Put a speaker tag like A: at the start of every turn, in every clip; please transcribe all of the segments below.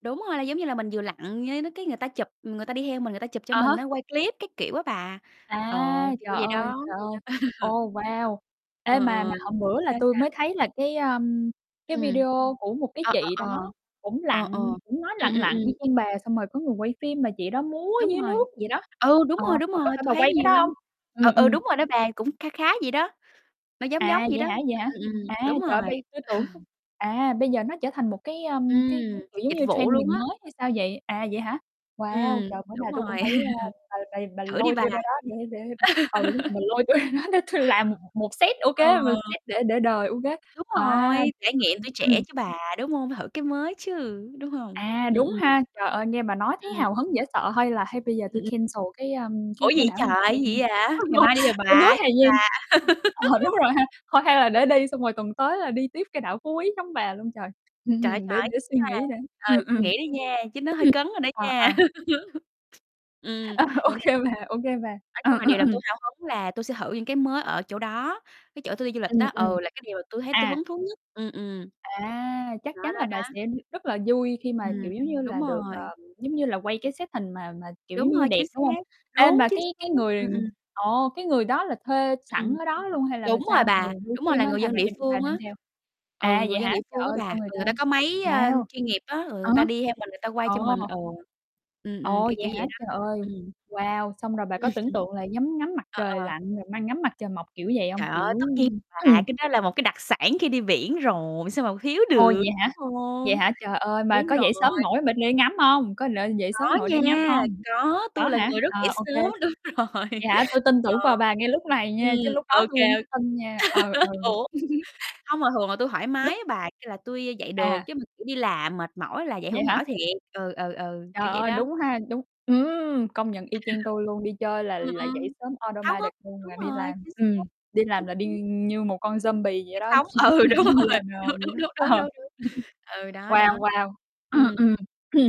A: Đúng rồi, là giống như là mình vừa lặn, với nh cái người ta chụp, người ta đi theo mình, người ta chụp cho
B: À há.
A: mình á, quay clip các kiểu á bà, ờ,
B: À,
A: thì
B: trời
A: kiểu vậy
B: ơi,
A: đó.
B: trời ơi. Ồ, wow! Ê,
A: Ờ,
B: mà mà
A: ờ.
B: hôm bữa là
A: Sao,
B: tui mới
A: sao?
B: thấy là cái, a, cái
A: Ừm.
B: video của một cái
A: Ờ,
B: chị
A: ờ, ờ.
B: đó cũng
A: Ờ, ờ.
B: lặn, cũng mới
A: Ừm,
B: lặn
A: ừm,
B: lặn
A: ừm.
B: y chang bà, xong rồi có người quay phim mà chị đó múa
A: Đúng
B: dưới
A: rồi.
B: nước vậy đó.
A: Ừ, đúng
B: Ờ,
A: rồi, đúng
B: mà có
A: rồi,
B: phải
A: tui
B: bà
A: thấy
B: quay cái
A: nhiều
B: đó hông?
A: lắm. Ừ,
B: Ừm,
A: ừ,
B: ừm.
A: đúng rồi đó bà, cũng kha khá vậy đó, nó giống giống
B: À,
A: vậy
B: vậy
A: đó.
B: hả, vậy hả?
A: Ừ, ừm.
B: À,
A: Đúng
B: trời ơi,
A: rồi.
B: bây tui tưởng à, bây giờ nó trở thành một cái, ưm, cái
A: Ừm.
B: cái, kiểu, giống
A: Dịch
B: như
A: vụ
B: trendy
A: luôn
B: mình
A: á.
B: mới hay sao vậy? À, vậy hả? Wow,
A: Ừm.
B: trời, bữa nào
A: Đúng
B: tôi cũng
A: rồi.
B: phải, a, bà bà bà
A: Thử đi
B: lôi
A: bà.
B: tui ra đó để để ừ, đúng rồi, mà lôi tui ra đó để tui làm m một set ô
A: Ờ.
B: kê, một set để để đời ô kê,
A: Đúng
B: a,
A: rồi,
B: tuyệt
A: trải
B: vời
A: nghiệm tuổi trẻ
B: Ừm.
A: chứ bà, đúng hông? Thử cái mới chứ, đúng hông?
B: À,
A: Ừm,
B: đúng
A: ừm.
B: ha, trời ơi nghe bà nói thấy
A: Ừm.
B: hào hứng dễ sợ hay là hay bây giờ
A: Ừm,
B: tui
A: ừm.
B: cancel cái, a,
A: Ủa
B: cái cái
A: gì
B: đảo Hà
A: trời, cái
B: Giang đi,
A: gì vậy
B: á
A: hả? Ngày
B: lộn,
A: mai đi rồi
B: ừ, núi
A: bà vậy
B: Hà Giang.
A: bà.
B: Ờ, đúng rồi ha, thôi hay là để đi xong rồi tuần tới là đi tiếp cái đảo Phú Quý giống bà luôn trời, hưm,
A: Trời,
B: hưm, để
A: phải,
B: để suy nghĩ đã.
A: [unintelligible]
B: Ừm,
A: suy
B: ừm.
A: nghĩ đi nha, chứ nó hơi
B: Ừm.
A: cấn rồi đó
B: À,
A: nha.
B: à.
A: Ừm.
B: Ờ, ô
A: Vậy là
B: kê bà, ô kê bà.
A: Nói chung
B: Ờ,
A: là
B: ờ,
A: điều làm
B: ừm.
A: tui hào hứng là tui sẽ thử những cái mới ở chỗ đó, cái chỗ tôi đi du lịch
B: Ừm,
A: á,
B: ừm.
A: ừ, là cái điều mà tui thấy tôi
B: À.
A: hứng thú nhất. Ừm, ừm.
B: À, chắc
A: Đó,
B: chắn là
A: đó,
B: bà
A: đó.
B: sẽ rất là vui khi mà,
A: Ừm.
B: kiểu, giống như là,
A: Đúng
B: được, ờ,
A: rồi.
B: giống như, là quay cái set hình mà mà, kiểu, giống
A: Đúng
B: như,
A: rồi,
B: đẹp
A: chính xác.
B: đúng hông? Ê
A: Đúng,
B: mà
A: chính
B: cái
A: xác.
B: cái người,
A: Ừm, ừm.
B: ừm, ờ, cái người đó là thuê sẵn
A: Ừm.
B: ở đó luôn hay là
A: Đúng rồi
B: sao? Người
A: bà.
B: quay
A: Đúng rồi,
B: phim
A: là
B: á,
A: người
B: hay
A: dân
B: bà
A: địa
B: đem bà
A: phương
B: đem
A: á.
B: theo?
A: Ừ,
B: À, vậy
A: người dân
B: hả?
A: địa
B: Trời
A: phương á
B: ơi,
A: bà,
B: sao người
A: thường
B: ta
A: người ta có máy, ơ,
B: wow.
A: chuyên nghiệp á, rồi người
B: À há.
A: ta đi theo mình, người ta quay
B: Ờ.
A: cho mình, ừ. Ừm, ừm,
B: Ồ,
A: kiểu,
B: vậy
A: kiểu
B: hả?
A: vậy đó.
B: Trời ơi.
A: Ừm.
B: Wow, xong rồi bà có tưởng tượng là nhắm ngắm mặt
A: Ờ,
B: trời
A: ờ.
B: lặn, rồi mai ngắm mặt trời mọc kiểu vậy hông?
A: Trời
B: Kiểu
A: ơi, tất nhiên
B: ưm,
A: là
B: ừm.
A: cái đó là một cái đặc sản khi đi biển rồi, sao mà kh thiếu
B: Ô,
A: được,
B: vậy hả?
A: đúng
B: Vậy
A: hông?
B: hả? Trời ơi, mà
A: Đúng
B: có dậy sớm
A: rồi!
B: nổi mà dậy đi ngắm hông? Có l dậy sớm
A: Có
B: nổi để ngắm
A: nha,
B: hông?
A: có,
B: Có
A: tui là
B: hả?
A: người rất dậy
B: À, ô kê.
A: sớm. Đúng rồi
B: Vậy hả? Tui tin tưởng
A: Ờ.
B: vào bà ngay lúc này nha, chứ
A: Ừm,
B: lúc đó
A: ô
B: tui
A: kê.
B: hổng có tin nha. Ừ, ừ.
A: Ủa? Hông mà thường là tui thoải mái
B: Lúc
A: á bà, kêu là tui dạy được
B: À.
A: chứ mà, kiểu, đi làm mệt mỏi là dậy
B: Vậy
A: hổng
B: hả?
A: nổi thiệt. Ừ, ừ, ừ,
B: Trời
A: kiểu vậy
B: ơi,
A: đó.
B: đúng ha, đúng ừm, công nhận y chang tui luôn, đi chơi là
A: Ừm,
B: là dậy
A: ừm.
B: sớm
A: Háo hức.
B: automatic luôn,
A: Đúng
B: mà đi
A: rồi.
B: làm
A: Chính xác.
B: ừm, đi làm
A: Chính
B: là đi,
A: xác.
B: ưm, như một con zombie vậy
A: Say
B: đó,
A: sóng,
B: chỉ lúc
A: ừ,
B: nào
A: đúng rồi.
B: cũng lờ đờ
A: Đúng,
B: vậy
A: đúng,
B: đó.
A: đúng, đúng, đúng,
B: Ờ.
A: đúng. Ừ, đó, đó.
B: Wow, wow.
A: Ừm.
B: Ừm.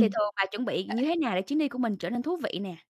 A: Thì thường bà chuẩn bị như
B: [unintelligible]
A: thế nào để chuyến đi của mình trở nên thú vị nè?